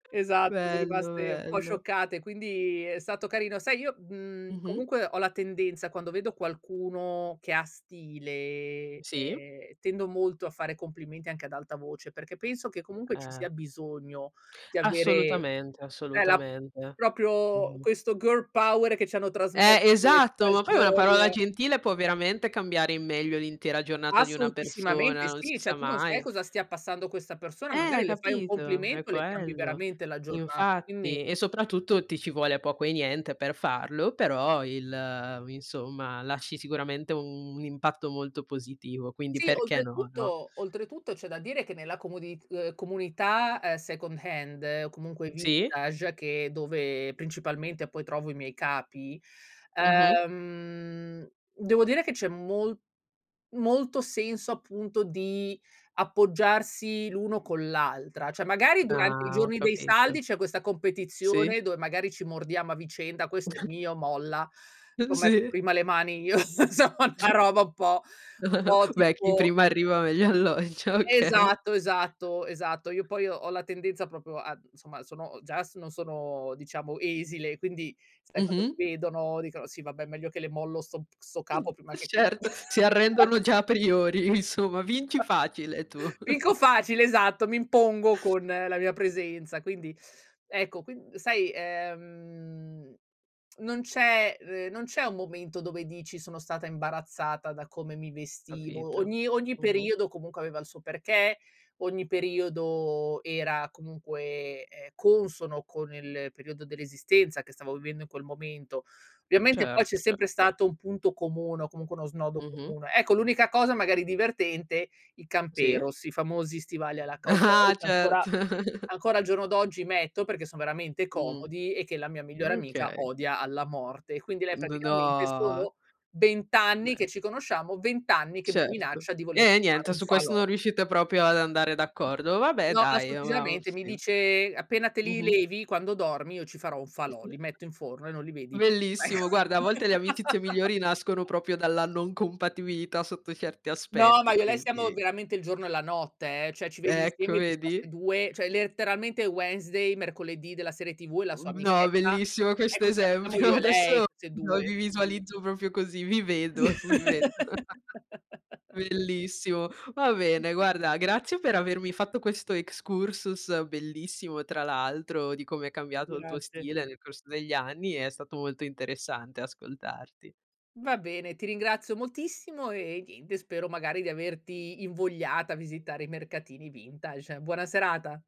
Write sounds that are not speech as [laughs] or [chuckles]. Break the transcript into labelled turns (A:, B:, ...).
A: Esatto, sono
B: Bello,
A: rimaste un po'
B: bello.
A: scioccate, quindi è stato carino. Sai, io, mhmm,
B: Mh-mh.
A: comunque ho la tendenza, quando vedo qualcuno che ha stile,
B: Sì.
A: ehm, tendo molto a fare complimenti anche ad alta voce perché penso che comunque ci
B: Eh.
A: sia bisogno di avere
B: Assolutamente,
A: e la
B: assolutamente.
A: proprio
B: Mh.
A: questo girl power che ci hanno trasmesso
B: Eh,
A: le
B: esatto, ma
A: Spice
B: poi una parola
A: Girls.
B: gentile può veramente cambiare in meglio l'intera giornata di una persona,
A: Assolutissimamente
B: non si
A: sì,
B: sa
A: cioè tu non sai
B: mai.
A: cosa stia passando questa persona,
B: Eh
A: magari le fai un
B: capito, è
A: complimento, le cambi
B: quello.
A: veramente la giornata. Quindi
B: Infatti e soprattutto ti ci vuole poco e niente per farlo, però il insomma, lasci sicuramente un un impatto molto positivo, quindi
A: Sì,
B: perché no, no?
A: oltretutto oltretutto c'è da dire che nella comodi uhm, comunità è second hand o comunque
B: Sì?
A: vintage, che è dove principalmente poi trovo i miei capi,
B: Mh-mh.
A: ehm, devo dire che c'è mol molto senso appunto di appoggiarsi l'uno con l'altra. Cioè, magari durante i
B: Ah, ho
A: giorni dei saldi
B: capito.
A: c'è questa
B: Sì.
A: competizione dove magari ci mordiamo a vicenda: "Questo è
B: [chuckles]
A: mio, molla.
B: Uh,
A: C'ho messo
B: sì.
A: prima le mani io", insomma, una roba
B: [chuckles]
A: un po' un po'
B: Beh, chi
A: tipo
B: prima arriva, meglio alloggia. Okay.
A: Esatto, esatto, esatto. Io poi ho la tendenza proprio a insomma, sono già s non sono diciamo esile, quindi sai, quando
B: Mh-mh.
A: mi vedono dicono: "Sì, vabbè, meglio che le mollo 'sto p 'sto
B: Mh,
A: capo prima
B: e
A: che"
B: certo, si arrendono
A: [chuckles]
B: già a priori, insomma vinci
A: [chuckles]
B: facile tu.
A: Vinco
B: [chuckles]
A: facile, esatto, mi impongo con la mia presenza. Quindi, ecco, quin sai, ehm, [tsk] non c'è ehm, non c'è un momento dove dici: "Sono stata imbarazzata da come mi vestivo."
B: Capito,
A: Ogni ogni
B: mh-mh.
A: periodo comunque aveva il suo perché, ogni periodo era comunque, ehm, consono con il periodo dell'esistenza che stavo vivendo in quel momento. Ovviamente poi c'è
B: Certo,
A: sempre
B: certo.
A: stato un punto comune o comunque uno snodo
B: Mh-mh.
A: comune. Ecco, l'unica cosa magari divertente, i
B: Sì.
A: camperos, i famosi stivali alla cowboy
B: Ah-ah,
A: che ancora
B: certo. [chuckles]
A: ancora al giorno d'oggi metto perché sono veramente
B: Mh,
A: comodi e che la mia migliore amica
B: okay.
A: odia alla morte. Quindi lei
B: N
A: praticamente
B: no!
A: sono 20 anni
B: Beh.
A: che ci conosciamo, 20 anni che mi
B: Certo.
A: minaccia di voler
B: Eh,
A: fare
B: niente.
A: un
B: Su questo
A: falò.
B: non riuscite proprio ad andare d'accordo. Vabbè
A: No,
B: dai, e uhm, uhm
A: assolutissimamente. Mi
B: sì.
A: dice: "Appena te
B: Mh
A: li
B: mh.
A: levi, quando dormi io ci farò un
B: Eh
A: falò,
B: sì.
A: li metto in forno e non li vedi".
B: Bellissimo guarda, a volte le amicizie migliori nascono
A: [laughs]
B: proprio dalla non compatibilità sotto certi
A: No, ma
B: aspetti,
A: io e lei siamo
B: quindi.
A: veramente il giorno e la notte, eh, cioè ci vedi
B: Ecco,
A: insieme e dici: "Ma
B: vedi?
A: 'ste 2?", cioè letteralmente Wednesday, mercoledì della serie TV e la sua
B: Uhm, no,
A: amichetta,
B: bellissimo questo
A: ecco, sia siamo
B: esempio,
A: io e
B: [chuckles]
A: lei,
B: adesso
A: queste
B: lo
A: 2.
B: vi visualizzo proprio così, vi vedo, vi vedo. [chuckles]
A: [laughs]
B: Bellissimo. Va bene, guarda, grazie per avermi fatto questo excursus bellissimo, tra l'altro, di come è cambiato il tuo
A: Grazie.
B: stile nel corso degli anni, è stato molto interessante ascoltarti.
A: Va bene, ti ringrazio moltissimo, ehm, niente, spero magari di averti invogliata a visitare i mercatini vintage. Buona serata.